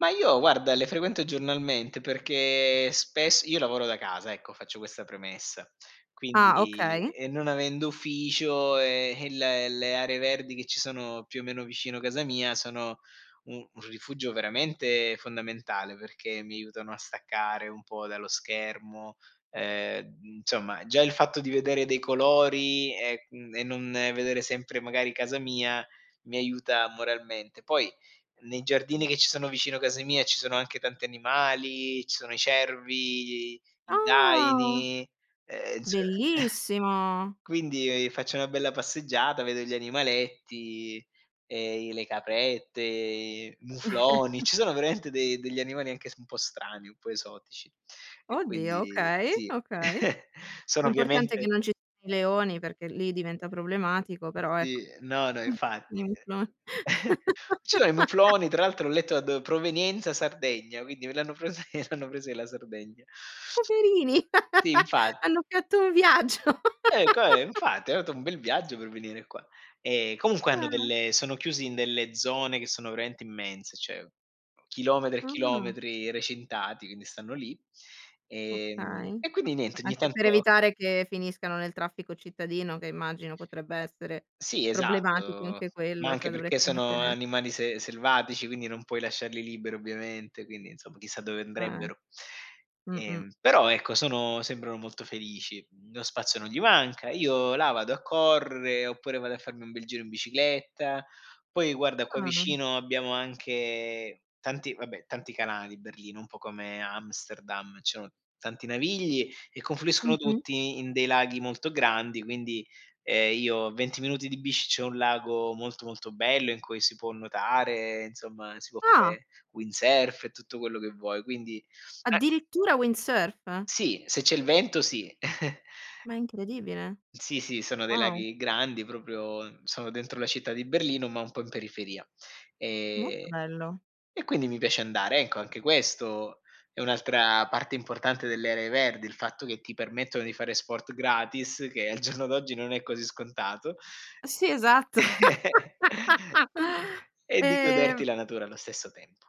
Ma io guarda le frequento giornalmente perché spess io lavoro da casa ecco, faccio questa premessa. Ah Quindi okay. e non avendo ufficio, ehm, eh il le aree verdi che ci sono più o meno vicino casa mia sono u un rifugio veramente fondamentale, perché mi aiutano a staccare un po' dallo schermo; ehm, insomma già il fatto di vedere dei colori e mhmm, e non vedere sempre magari casa mia, mi aiuta moralmente. Poi nei giardini che ci sono vicino casa mia ci sono anche tanti animali, ci sono i cervi, i i Ah. daini, e e inso Bellissimo. quindi, e ehm, faccio una bella passeggiata, vedo gli animaletti, ehm, i le caprette, mufloni, ci sono veramente de degli animali anche s un po' strani, un po' esotici; e Oddio, quindi okay, sì. okay. Sono L'importante è che ovviamente non ci i leoni perché lì diventa problematico, però ecco Sì, no, no, infatti, eh. [unintelligible] Ci sono i mufloni, tra l'altro ho letto da do provenienza Sardegna, quindi l'hanno pres l'hanno presi della Sardegna. Poverini, Sì, infat hanno fatto un viaggio. Ecco, ehm, infatti hanno atto un bel viaggio per venire qua. Ehm, comunque hanno Ah. delle sono chiusi in delle zone che sono veramente immense, cioè chilometri e Ah. chilometri recintati, quindi stanno lì. Ehm, Okay. e quindi niente, ogni Anche per tanto evitare che finiscano nel traffico cittadino, che immagino potrebbe essere Sì problematico esatto, anche ma quello, anche cioè perché dovresti sono mettere animali se selvatici, quindi non puoi lasciarli liberi ovviamente, quindi insomma chissà dove Eh. andrebbero. Mh-mh. Ehm, però ecco sono sembrano molto felici. Mhmm, lo spazio non gli manca. Io là vado a correre, oppure vado a farmi un bel giro in bicicletta. Poi guarda qua Ah. vicino abbiamo anche tanti vabbè, tanti canali: Berlino, un po' come Amsterdam, ci sono tanti navigli e confluiscono Mh-mh. tutti in dei laghi molto grandi, quindi, ehm, io 20 minuti di bici c'è un lago molto, molto bello in cui si può nuotare, insomma si può Ah! fare windsurf e tutto quello che vuoi, quindi eh. Addirittura windsurf. Sì, se c'è il vento sì. Ma è incredibile. Sì, sì, sono dei Wow. laghi grandi proprio, sono dentro la città di Berlino ma un po' in periferia. Molto Ehm, bello. e quindi mi piace andare. Ecco anche questo è un'altra parte importante delle aree verdi, il fatto che ti permettono di fare sport gratis, che al giorno d'oggi non è così scontato Sì, esatto. e di goderti Ehm la natura allo stesso tempo.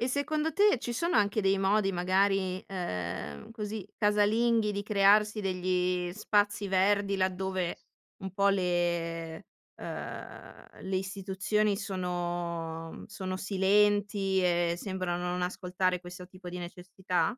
E secondo te ci sono anche dei modi magari, ehm, così casalinghi di crearsi degli spazi verdi laddove un po' le uhm, le istituzioni sono mhmm, sono, mhmm, silenti e sembrano non ascoltare questo tipo di necessità?